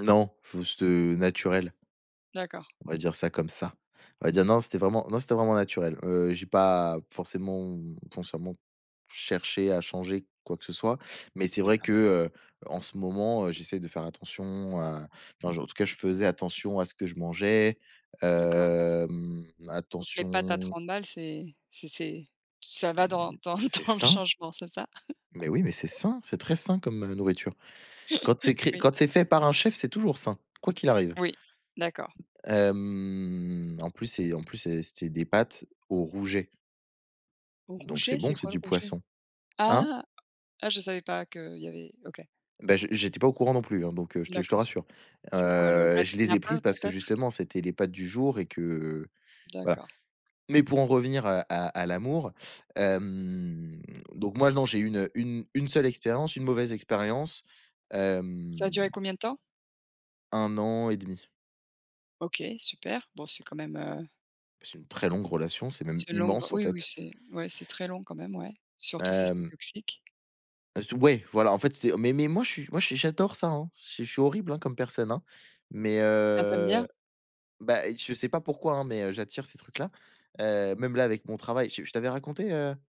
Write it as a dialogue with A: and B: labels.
A: Non, faut ce te naturel.
B: D'accord.
A: On va dire ça comme ça. On va dire non, c'était vraiment non, c'était vraiment naturel, heu, j'ai pas forcément, consciemment cherché à changer quoi que ce soit. Mais c'est vrai
B: D'accord.
A: que, heu, en ce moment, heu, j'essaie de faire attention à enfin je en tout cas je faisais attention à ce que je mangeais,
B: D'accord.
A: hem
B: Donc les pâtes à
A: attention
B: 30 balles, c'est c'est c'est ça va dans dans
A: C'est
B: dans le
A: sain!
B: changement, c'est ça?
A: Mais oui, mais c'est
B: [unintelligible]
A: sain. C'est très sain comme, heu, nourriture, quand c'est cré
B: Oui.
A: quand c'est fait par un chef, c'est toujours sain, quoi qu'il arrive.
B: Oui d'accord.
A: Hem en plus c'est en plus c'est c'était des pâtes au rouget. Donc c'est
B: Rouget? C'est
A: bon, c'est
B: quoi le
A: du
B: rouget?
A: poisson. Hein?
B: Ah, ah je savais pas qu'il y avait OK.
A: Bah, j'ai j'étais pas au courant non plus, hein, donc heu, je te je te
B: D'accord.
A: rassure,
B: C'est quoi? Le
A: heu,
B: red
A: je les ai
B: snapper
A: prises parce que
B: peut-être?
A: justement, c'était les pâtes du jour et que voilà.
B: D'accord.
A: Mais pour en revenir à à à l'amour, hem, donc moi non, j'ai 1- 1- 1 seule expérience, une mauvaise expérience,
B: Ça a
A: hem
B: duré combien de temps?
A: 1 an et demi.
B: OK super, bon c'est quand même, heu
A: C'est une très longue relation, c'est même
B: C'est une longue
A: immense, en
B: oui, oui,
A: fait.
B: c'est ouais, très long quand même ouais, surtout si c'est
A: Hem.
B: toxique.
A: Ah s tu ouais voilà, en fait c'était mais mais moi je suis moi je suis j'adore ça, hein, si je suis je suis horrible, hein, comme personne, hein. Mais
B: Ah tu aimes
A: heu
B: bien?
A: bah, je sais pas pourquoi, hein, mais heu, j'attire ces trucs là, heu, même là avec mon travail, je je t'avais raconté, heu?